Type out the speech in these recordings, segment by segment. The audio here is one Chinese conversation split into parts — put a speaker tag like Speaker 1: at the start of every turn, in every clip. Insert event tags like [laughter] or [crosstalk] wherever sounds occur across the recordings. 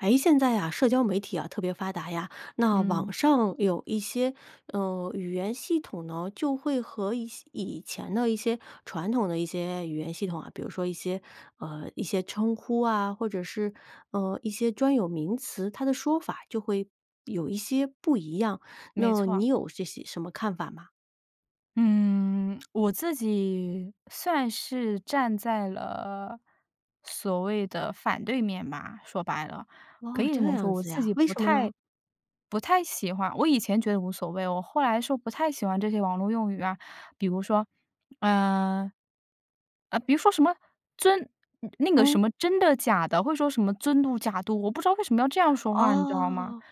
Speaker 1: 诶，现在啊，社交媒体啊，特别发达呀，那网
Speaker 2: 嗯。
Speaker 1: 上有一些，呃，语言系统呢，就会和一些以前的一些传统的一些语言系统啊，比如说一些呃，一些称呼啊，或者是，呃，一些专有名词，它的说法就会有一些不一样，
Speaker 2: 没
Speaker 1: 那
Speaker 2: 错。
Speaker 1: 你有这些什么看法吗？
Speaker 2: 嗯，我自己算是站在了，所谓的反对面吧，说白了。可
Speaker 1: 哦，
Speaker 2: 以这
Speaker 1: 这
Speaker 2: 么
Speaker 1: 样
Speaker 2: 说，我
Speaker 1: 子
Speaker 2: 自
Speaker 1: 呀，
Speaker 2: 己
Speaker 1: 为
Speaker 2: 不
Speaker 1: 什么
Speaker 2: 太
Speaker 1: 呢？
Speaker 2: 不太喜欢我以前觉得无所谓，我后来说不太喜欢这些网络用语啊，比如说，呃呃，比如说什么尊那个什
Speaker 1: 嗯。
Speaker 2: 么真的假的，或者说什么尊嘟假嘟，我不知道为什么要这样说话，你知道吗？
Speaker 1: 哦。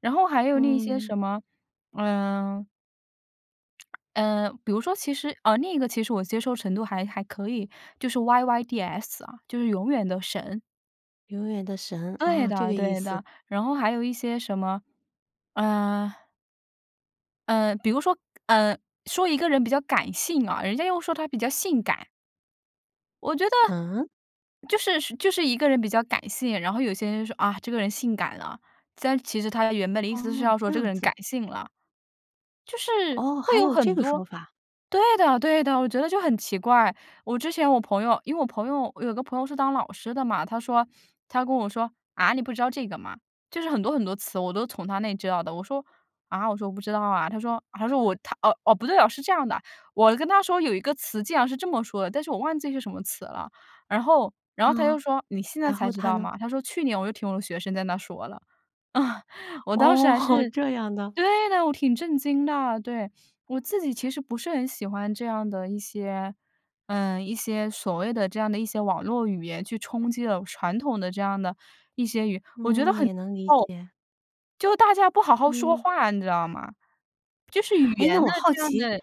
Speaker 2: 然后还有那些
Speaker 1: 嗯。
Speaker 2: 什么，嗯呃，比如说，其实呃，另一个其实我接受程度还还可以，就是 yyds 啊，就是永远的神。
Speaker 1: 永远的神，
Speaker 2: 对
Speaker 1: 啊，这个
Speaker 2: 的
Speaker 1: 意
Speaker 2: 对
Speaker 1: 思。
Speaker 2: 的，然后还有一些什么，呃嗯，比如说，嗯，说一个人比较感性啊，人家又说他比较性感。我觉得
Speaker 1: 嗯？
Speaker 2: 就是是就是一个人比较感性，然后有些人就说：“啊，这个人性感了”。但是其实他原本的意思是
Speaker 1: 哦，
Speaker 2: 要说
Speaker 1: 这
Speaker 2: 这个
Speaker 1: 样
Speaker 2: 人感
Speaker 1: 子。
Speaker 2: 性了。就是
Speaker 1: 哦，
Speaker 2: 会
Speaker 1: 还
Speaker 2: 有
Speaker 1: 有这
Speaker 2: 很
Speaker 1: 个
Speaker 2: 多
Speaker 1: 说法。
Speaker 2: 对的对的，我觉得就很奇怪。我之前我朋友因为我朋友我有个朋友是当老师的嘛，他说他就跟我说：“啊，你不知道这个吗？”就是很多很多词，我都是从他那里知道的。我说：“啊？”我说：“我不知道啊。”他说他说我
Speaker 1: [chuckles]
Speaker 2: 哦哦，不对哦，是这样的，我跟他说有一个词竟然是这么说的，但是我忘记是什么词了。然后然后他
Speaker 1: 嗯，
Speaker 2: 又说：“你现在
Speaker 1: 然
Speaker 2: 才
Speaker 1: 后
Speaker 2: 知
Speaker 1: 他
Speaker 2: 道
Speaker 1: 呢？
Speaker 2: 吗？”他说：“去年我就听我的学生在那儿说了。”嗯，我当时
Speaker 1: 哦，
Speaker 2: 还是
Speaker 1: 这样的。
Speaker 2: 对的，我挺震惊的，对，我自己其实不是很喜欢这样的一些呃，一些所谓的这样的一些网络语言去冲击了传统的这样的一些语我觉得
Speaker 1: 嗯，
Speaker 2: 很
Speaker 1: 也能理
Speaker 2: [unintelligible]
Speaker 1: 解。
Speaker 2: 就大家不好好说
Speaker 1: 嗯。
Speaker 2: 话，你知道吗？就是语
Speaker 1: 诶，那
Speaker 2: 言的
Speaker 1: 我好
Speaker 2: 这样
Speaker 1: 奇，
Speaker 2: 的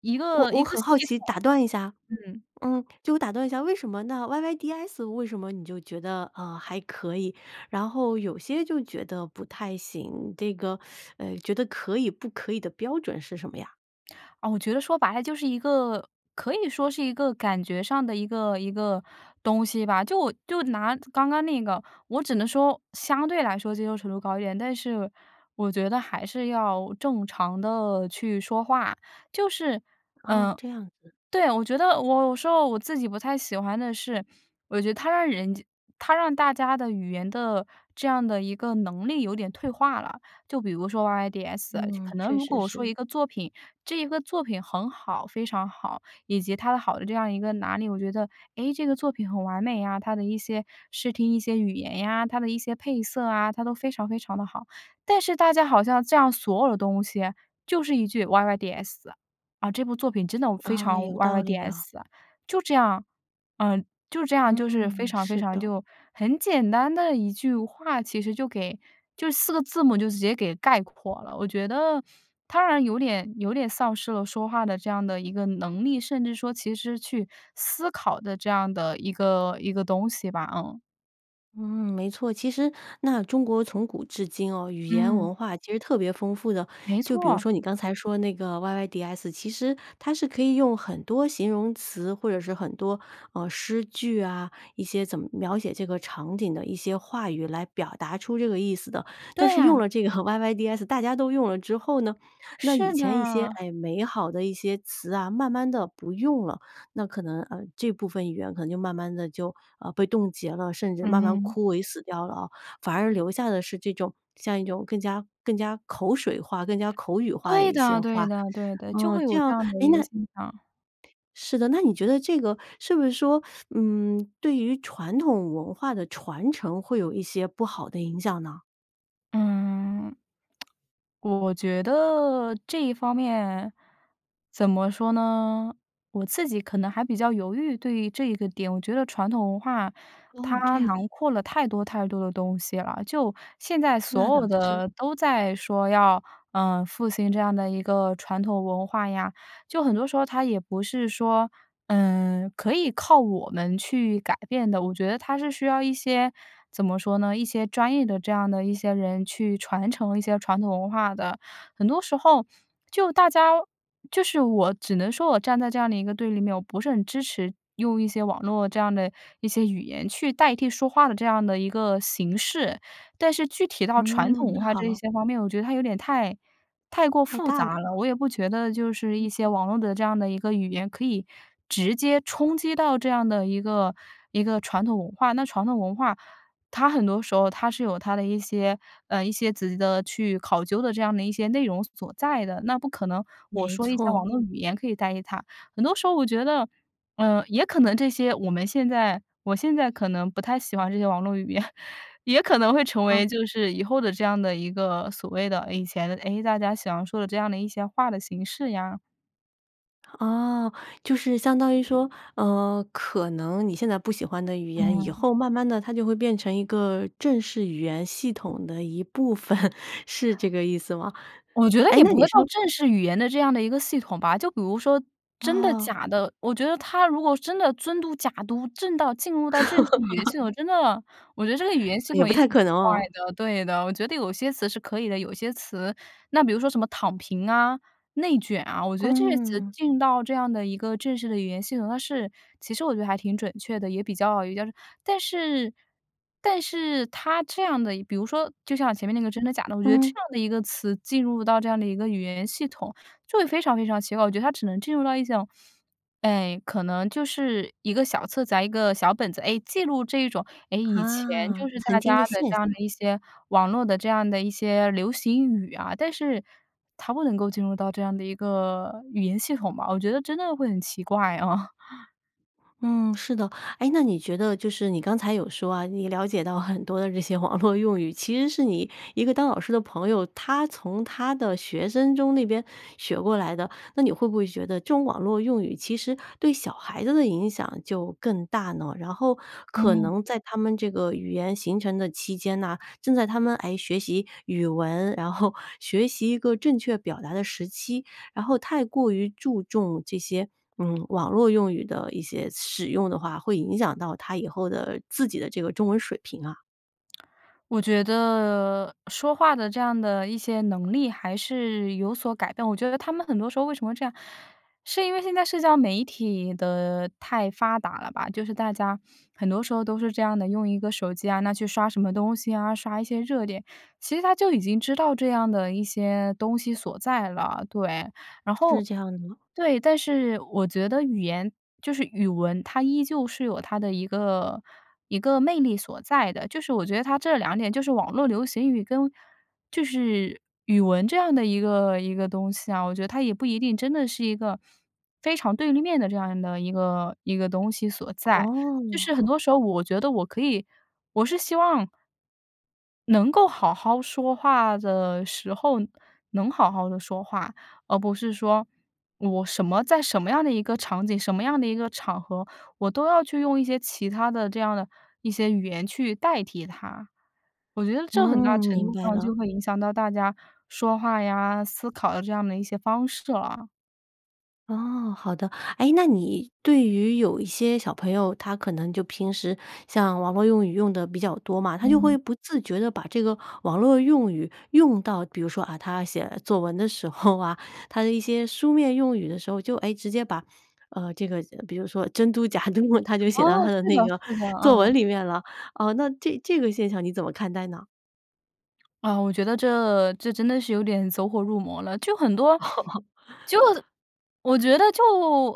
Speaker 2: 一
Speaker 1: 我
Speaker 2: 个一
Speaker 1: 我
Speaker 2: 个
Speaker 1: 很
Speaker 2: 系
Speaker 1: 好奇
Speaker 2: 统。
Speaker 1: 打断一下
Speaker 2: 嗯。
Speaker 1: 嗯，就我打断一下，为什么那 YYDS 为什么你就觉得，呃，还可以，然后有些就觉得不太行，这个，[sucks teeth] 呃，觉得可以不可以的标准是什么呀？
Speaker 2: 啊，我觉得说白了就是一个可以说是一个感觉上的一个一个东西吧。就就拿刚刚那个，我只能说，相对来说接受程度高一点，但是我觉得还是要正常地去说话。就是，
Speaker 1: 哦，
Speaker 2: 呃，
Speaker 1: 这样子。
Speaker 2: 对，我觉得我有时候我自己不太喜欢的是，我觉得它让人家它让大家的语言的这样的一个能力有点退化了。就比如说 YYDS，就
Speaker 1: 嗯，
Speaker 2: 可能
Speaker 1: 确
Speaker 2: 如果
Speaker 1: 实
Speaker 2: 我说
Speaker 1: 是。
Speaker 2: 一个作品，这一个作品很好，非常好，以及它的好的这样一个哪里。我觉得，哎，这个作品很完美啊，它的一些视听、一些语言呀，它的一些配色啊，它都非常非常地好。但是大家好像这样所有的东西就是一句 YYDS，“ 啊，这部作品真的非
Speaker 1: 啊，
Speaker 2: 常
Speaker 1: 有道理哦。
Speaker 2: YYDS 啊”，就这样，嗯，就这样就是非
Speaker 1: 嗯，
Speaker 2: 常非
Speaker 1: 是
Speaker 2: 常
Speaker 1: 的。
Speaker 2: 就很简单的一句话其实就给就4个字母就直接给概括了。我觉得它让人有点有点丧失了说话的这样的一个能力，甚至说其实去思考的这样的一个一个东西吧。嗯。
Speaker 1: 嗯，没错，其实那中国从古至今哦，语言
Speaker 2: 嗯。
Speaker 1: 文化其实特别丰富的。
Speaker 2: 没
Speaker 1: 就比如
Speaker 2: 错。
Speaker 1: 说你刚才说那个 YYDS，其实它是可以用很多形容词，或者是很多，呃，诗句啊，一些怎么描写这个场景的一些话语来表达出这个意思的。但
Speaker 2: 对
Speaker 1: 是用
Speaker 2: 啊。
Speaker 1: 了这个 YYDS，大家都用了之后呢，那以
Speaker 2: 是
Speaker 1: 前一些，
Speaker 2: 的。
Speaker 1: 哎，美好的一些词啊，慢慢地不用了，那可能，呃，这部分语言可能就慢慢地就，呃，被冻结了，甚至慢慢
Speaker 2: 嗯。
Speaker 1: 枯萎死掉了啊。反而留下的是这种像一种更加更加口水化、更加口语化的
Speaker 2: 对
Speaker 1: 一
Speaker 2: 的
Speaker 1: 些
Speaker 2: 对
Speaker 1: 话。
Speaker 2: 的对的，就
Speaker 1: 呃，
Speaker 2: 会
Speaker 1: 这
Speaker 2: 有这
Speaker 1: 样
Speaker 2: 样的
Speaker 1: 诶，
Speaker 2: 一个
Speaker 1: 那
Speaker 2: 现象。
Speaker 1: 是的，那你觉得这个是不是说，[sucks teeth] 嗯，对于传统文化的传承会有一些不好的影响呢？
Speaker 2: 嗯。[tsk] 我我觉得这一方面，怎么说呢，我自己可能还比较犹豫，对于这一个点，我觉得传统文化
Speaker 1: 哦，
Speaker 2: 它
Speaker 1: 这样。
Speaker 2: 囊括了太多太多的东西了。就现在
Speaker 1: 那
Speaker 2: 所
Speaker 1: 倒
Speaker 2: 有
Speaker 1: 是。
Speaker 2: 的都在说要，呃，复兴这样的一个传统文化呀，就很多时候它也不是说，嗯，可以靠我们去改变的。我觉得它是需要一些，怎么说呢，一些专业的这样的一些人去传承一些传统文化的。很多时候，就大家就是我只能说我站在这样的一个对立面，我不是很支持用一些网络这样的一些语言去代替说话的这样的一个形式。但是具体到传统
Speaker 1: 嗯，
Speaker 2: 文化这一
Speaker 1: 好。
Speaker 2: 些方面，我觉得它有点太太过
Speaker 1: 太
Speaker 2: 复
Speaker 1: 大了
Speaker 2: 杂了，
Speaker 1: 吗？
Speaker 2: 我也不觉得就是一些网络的这样的一个语言可以直接冲击到这样的一个一个传统文化。那传统文化，它很多时候它是有它的一些呃，一些自己的去考究的这样的一些内容所在的，那不可能，我
Speaker 1: 没
Speaker 2: 说一下网
Speaker 1: 错。
Speaker 2: 络语言可以代替它。很多时候我觉得，呃，也可能这些我们现在我现在可能不太喜欢这些网络语言，也可能会成为
Speaker 1: 嗯。
Speaker 2: 就是以后的这样的一个所谓的以前的，诶，大家想要说的这样的一些话的形式呀。
Speaker 1: 啊，就是相当于说，呃，可能你现在不喜欢的语言，以
Speaker 2: 嗯。
Speaker 1: 后慢慢地它就会变成一个正式语言系统的一部分，是这个意思吗？
Speaker 2: 我觉得
Speaker 1: 诶，
Speaker 2: 也
Speaker 1: 那
Speaker 2: 不
Speaker 1: 你
Speaker 2: 会到
Speaker 1: 说
Speaker 2: 正式语言的这样的一个系统吧，就比如说真的
Speaker 1: 哦。
Speaker 2: 假的，我觉得它如果真的“尊嘟假嘟”正到进入到正式语言系
Speaker 1: [laughs]
Speaker 2: 统，真的，我觉得这个语言系
Speaker 1: 啊，也
Speaker 2: 统
Speaker 1: 不
Speaker 2: 也
Speaker 1: 太
Speaker 2: 挺奇
Speaker 1: 可能
Speaker 2: 怪
Speaker 1: 哦。
Speaker 2: 的对的，我觉得有些词是可以的，有些词那比如说什么躺平啊、内卷啊，我觉得这些词
Speaker 1: 嗯。
Speaker 2: 进到这样的一个正式的语言系统，它是其实我觉得还挺准确的，也比较有价值。但是但是它这样的比如说就像前面那个真的假的，我觉得这
Speaker 1: 嗯。
Speaker 2: 样的一个词进入到这样的一个语言系统，就会非常非常奇怪，我觉得它只能进入到一种，哎，可能就是一个小册子啊、一个小本子。诶，记录这一种，诶，以前就
Speaker 1: 啊，
Speaker 2: 是大
Speaker 1: 曾
Speaker 2: 家
Speaker 1: 经的
Speaker 2: 的
Speaker 1: 现
Speaker 2: 这样的
Speaker 1: 象。
Speaker 2: 一些网络的这样的一些流行语啊，但是它不能够进入到这样的一个语言系统吧，我觉得真的会很奇怪，啊。[chuckles]
Speaker 1: 嗯，是的。诶，那你觉得就是你刚才有说啊，你了解到很多的这些网络用语，其实是你一个当老师的朋友，他从他的学生中那边学过来的。那你会不会觉得这种网络用语其实对小孩子的影响就更大呢？然后可
Speaker 2: 嗯。
Speaker 1: 能在他们这个语言形成的期间呐，正在他们，诶，学习语文，然后学习一个正确表达的时期，然后太过于注重这些，嗯，网络用语的一些使用的话，会影响到他以后的自己的这个中文水平啊？
Speaker 2: 我觉得，说话的这样的一些能力还是有所改变，我觉得他们很多时候为什么这样，是因为现在社交媒体的太发达了吧。就是大家，很多时候都是这样的，用一个手机啊，那去刷什么东西啊，刷一些热点，其实他就已经知道这样的一些东西所在了，对。然
Speaker 1: 是
Speaker 2: 后
Speaker 1: 这样的。
Speaker 2: 对，但是我觉得语言就是语文，它依旧是有它的一个一个魅力所在的，就是我觉得它这两点，就是网络流行语跟就是语文这样的一个一个东西啊，我觉得它也不一定真的是一个非常对立面的这样的一个一个东西所在。就是很
Speaker 1: 哦。
Speaker 2: 多时候我觉得我可以我是希望能够好好说话的时候，能好好地说话，而不是说我什么在什么样的一个场景，什么样的一个场合，我都要去用一些其他的这样的一些语言去代替它。我觉得这很大
Speaker 1: 嗯，
Speaker 2: 程
Speaker 1: 明
Speaker 2: 度
Speaker 1: 白
Speaker 2: 上
Speaker 1: 了。
Speaker 2: 就会影响到大家说话呀、思考的这样的一些方式了。
Speaker 1: 哦，好的。哎，那你对于有一些小朋友，他可能就平时像网络用语用得比较多嘛，他就会
Speaker 2: 嗯。
Speaker 1: 不自觉地把这个网络用语用到比如说，啊，他写作文的时候啊，他的一些书面用语的时候，就，哎，直接把，呃，这个比如说“真嘟假嘟”，他就写到
Speaker 2: 哦，
Speaker 1: 他的
Speaker 2: 是的
Speaker 1: 那个
Speaker 2: 是的，
Speaker 1: 作文
Speaker 2: 嗯。
Speaker 1: 里面了。呃，那这这个现象你怎么看待呢？
Speaker 2: 啊，我觉得这这真的是有点走火入魔了，就很多
Speaker 1: [laughs]
Speaker 2: 就我觉得就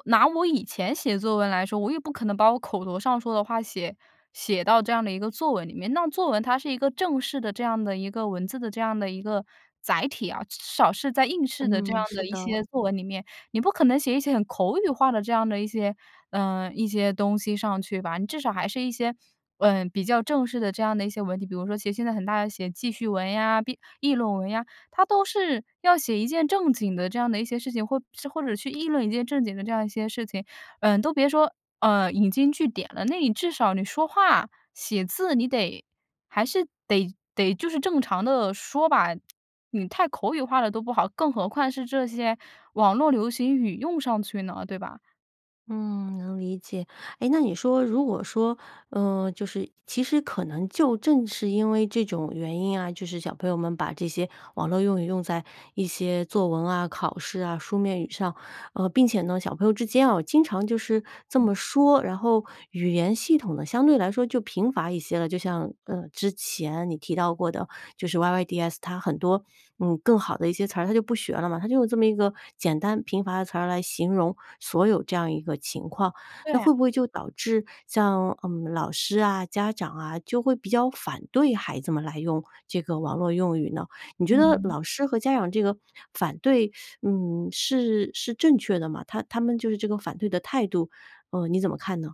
Speaker 2: 拿我以前写作文来说，我也不可能把我口头上说的话写写到这样的一个作文里面，那作文它是一个正式的这样的一个文字的这样的一个载体啊。至少是在应试的这样
Speaker 1: 嗯，是
Speaker 2: 的一
Speaker 1: 的。
Speaker 2: 些作文里面，你不可能写一些很口语化的这样的一些呃，一些东西上去吧。你至少还是一些，呃，比较正式的这样的一些文体，比如说写现在很大家写记叙文呀，闭议论文呀，它都是要写一件正经的这样的一些事情或者或者去议论一件正经的这样一些事情，呃，都别说，呃，引经据典了。那你至少你说话写字你得还是得得就是正常地说吧，你太口语化了都不好，更何况是这些网络流行语用上去呢，对吧？
Speaker 1: 嗯，能理解。诶，那你说如果说，呃，就是其实可能就正是因为这种原因啊，就是小朋友们把这些网络用语用在一些作文啊，考试啊，书面语上，呃，并且呢，小朋友之间啊经常就是这么说，然后语言系统呢相对来说就贫乏一些了。就像，呃，之前你提到过的，就是 yyds 它很多，嗯，更好的一些词儿，他就不学了嘛，他就用这么一个简单贫乏的词儿来形容所有这样一个情况。那
Speaker 2: 对。
Speaker 1: 会不会就导致像，嗯，老师啊，家长啊，就会比较反对孩子们来用这个网络用语呢？你觉得
Speaker 2: 嗯。
Speaker 1: 老师和家长这个反对，[sucks teeth] 嗯，是是正确的吗？他他们就是这个反对的态度，呃，你怎么看呢？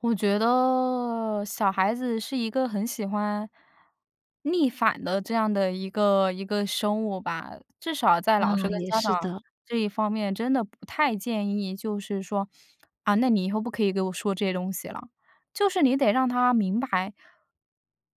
Speaker 2: 我觉得小孩子是一个很喜欢逆反的这样的一个一个生物吧，至少在老师
Speaker 1: 啊，
Speaker 2: 跟
Speaker 1: 也
Speaker 2: 家长
Speaker 1: 是的。
Speaker 2: 这一方面真的不太建议，就是说，啊，那你以后不可以给我说这些东西了。就是你得让他明白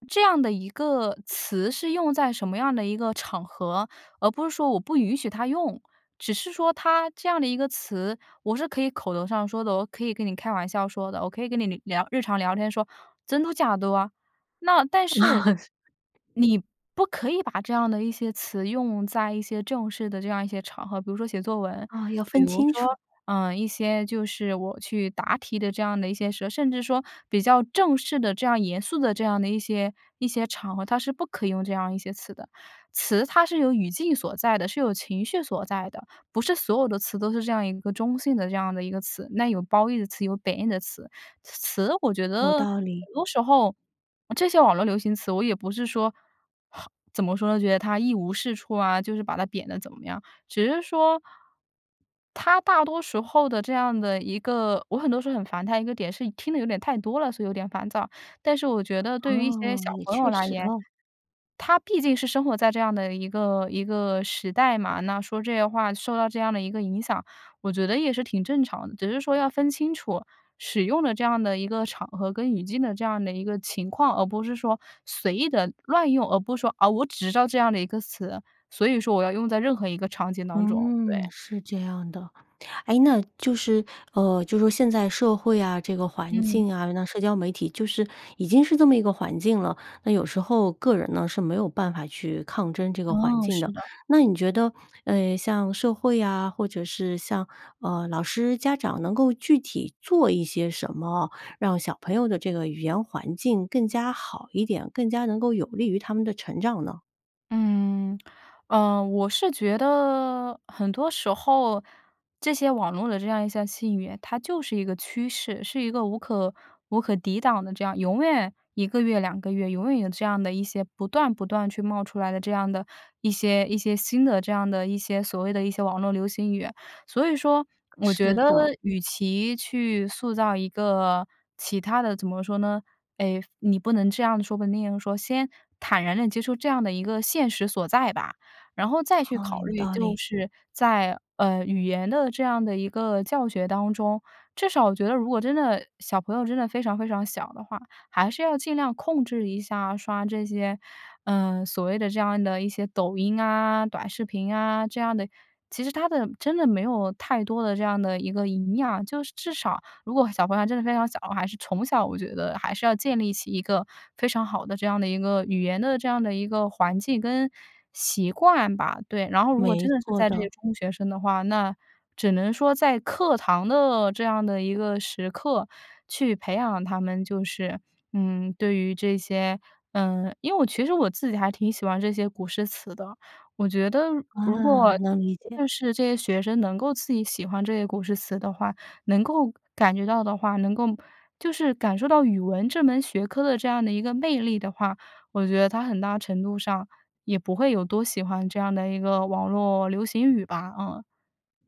Speaker 2: 这样的一个词是用在什么样的一个场合，而不是说我不允许他用。只是说它这样的一个词，我是可以口头上说的，我可以跟你开玩笑说的，我可以跟你聊聊日常聊天说“真嘟假嘟”啊。那但是，你
Speaker 1: [chuckles] 是。
Speaker 2: 不可以把这样的一些词用在一些正式的这样一些场合，比如说写作文。
Speaker 1: 哦，要
Speaker 2: 比
Speaker 1: 分
Speaker 2: 如
Speaker 1: 清
Speaker 2: 说，
Speaker 1: 楚。
Speaker 2: 呃，一些就是我去答题的这样的一些社甚至说比较正式的这样严肃的这样的一些一些场合，它是不可以用这样一些词的。词它是有语境所在的，是有情绪所在的，不是所有的词都是这样一个中性的这样的一个词，那有褒义的词，有贬义的词。词我觉
Speaker 1: 有
Speaker 2: 得，很
Speaker 1: 道理。
Speaker 2: 多时候呃，这些网络流行词我也不是说怎么说呢，觉得它一无是处啊，就是把它贬得怎么样。只是说它大多时候这样的一个我很多时候很烦它一个点是听得有点太多了，所以有点烦躁。但是我觉得对于一些
Speaker 1: 哦，
Speaker 2: 小
Speaker 1: 也
Speaker 2: 朋友
Speaker 1: 确
Speaker 2: 来
Speaker 1: 实
Speaker 2: 言，
Speaker 1: 哦。
Speaker 2: 他毕竟是生活在这样的一个一个时代嘛，那说这些话，受到这样的一个影响，我觉得也是挺正常的。只是说要分清楚使用的这样的一个场合跟语境的这样的一个情况，而不是说随意地乱用，而不是说，啊，我只知道这样的一个词，所以说我要用在任何一个场景当中，
Speaker 1: 嗯，
Speaker 2: 对。
Speaker 1: 是这样的。诶，那就是，呃，就是说现在社会啊这个环
Speaker 2: 嗯。
Speaker 1: 境啊，那社交媒体就是已经是这么一个环境了，那有时候个人呢是没有办法去抗争这个环
Speaker 2: 哦，
Speaker 1: 境
Speaker 2: 是
Speaker 1: 的。
Speaker 2: 的。
Speaker 1: 那你觉得，呃，像社会啊，或者是像，呃，老师家长能够具体做一些什么哦，让小朋友的这个语言环境更加好一点，更加能够有利于他们的成长呢？
Speaker 2: 嗯，呃，我是觉得很多时候，这些网络的这样一项信源，它就是一个趋势，是一个无可无可抵挡的这样永远1个月、2个月永远有这样的一些不断不断去冒出来的这样的一些一些新的这样的一些所谓的一些网络流行语。所以说，我觉
Speaker 1: 是
Speaker 2: 得
Speaker 1: 的。
Speaker 2: 与其去塑造一个其它的怎么说呢，诶，你不能这样说、不能那样说，先坦然地接受这样的一个现实所在吧。然后再去
Speaker 1: 好，
Speaker 2: 考
Speaker 1: 有
Speaker 2: 虑，
Speaker 1: 道
Speaker 2: 就
Speaker 1: 理。
Speaker 2: 是在，呃，语言的这样的一个教学当中，至少我觉得如果真的小朋友真的非常非常小的话，还是要尽量控制一下刷这些，呃，所谓的这样的一些抖音啊，短视频啊，这样的。其实它的真的没有太多的这样的一个营养，就是至少如果小朋友真的非常小，还是从小我觉得还是要建立起一个非常好的这样的一个，语言的这样的一个环境跟习惯吧。对，然后如果
Speaker 1: 没
Speaker 2: 真的是
Speaker 1: 错
Speaker 2: 在这个
Speaker 1: 的。
Speaker 2: 中学生的话，那只能说在课堂的这样的一个时刻去培养他们就是，嗯，对于这些呃，因为我其实我自己还挺喜欢这些古诗词的，我觉得如果
Speaker 1: 啊，能理解。
Speaker 2: 就是这些学生能够自己喜欢这些古诗词的话，能够感觉到的话，能够就是感受到语文这门学科的这样的一个魅力的话，我觉得它很大程度上，也不会有多喜欢这样的一个网络流行语吧。嗯。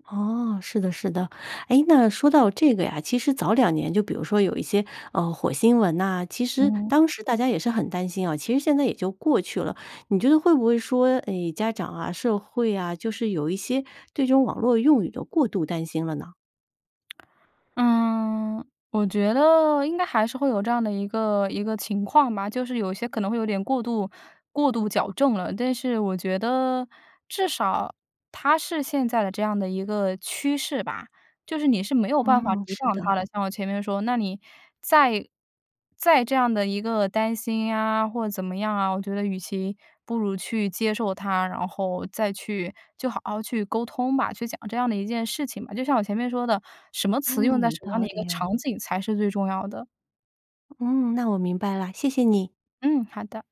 Speaker 1: 哦，是的是的。诶，那说到这个呀，其实早2年就比如说有一些，呃，火星文呐，其实
Speaker 2: 嗯。
Speaker 1: 当时大家也是很担心啊，其实现在也就过去了。你觉得会不会说，诶，家长啊，社会啊，就是有一些对这种网络用语的过度担心了呢？
Speaker 2: [tsk] 嗯，我觉得应该还是会有这样的一个一个情况吧，就是有些可能会有点过度过度矫正了。但是我觉得至少它是现在的这样的一个趋势吧。就是你是没有办法
Speaker 1: 哦，
Speaker 2: 抵
Speaker 1: 是
Speaker 2: 挡它
Speaker 1: 的。
Speaker 2: 的，像我前面说，那你再再这样的一个担心啊或怎么样啊，我觉得与其不如去接受它，然后再去就好好去沟通吧，去讲这样的一件事情吧。就像我前面说的，什么词用
Speaker 1: 嗯，
Speaker 2: 在
Speaker 1: 有
Speaker 2: 什么样
Speaker 1: 道
Speaker 2: 的一个
Speaker 1: 理
Speaker 2: 场
Speaker 1: 哦。
Speaker 2: 景才是最重要的。
Speaker 1: 嗯，那我明白啦，谢谢你。
Speaker 2: 嗯，好的。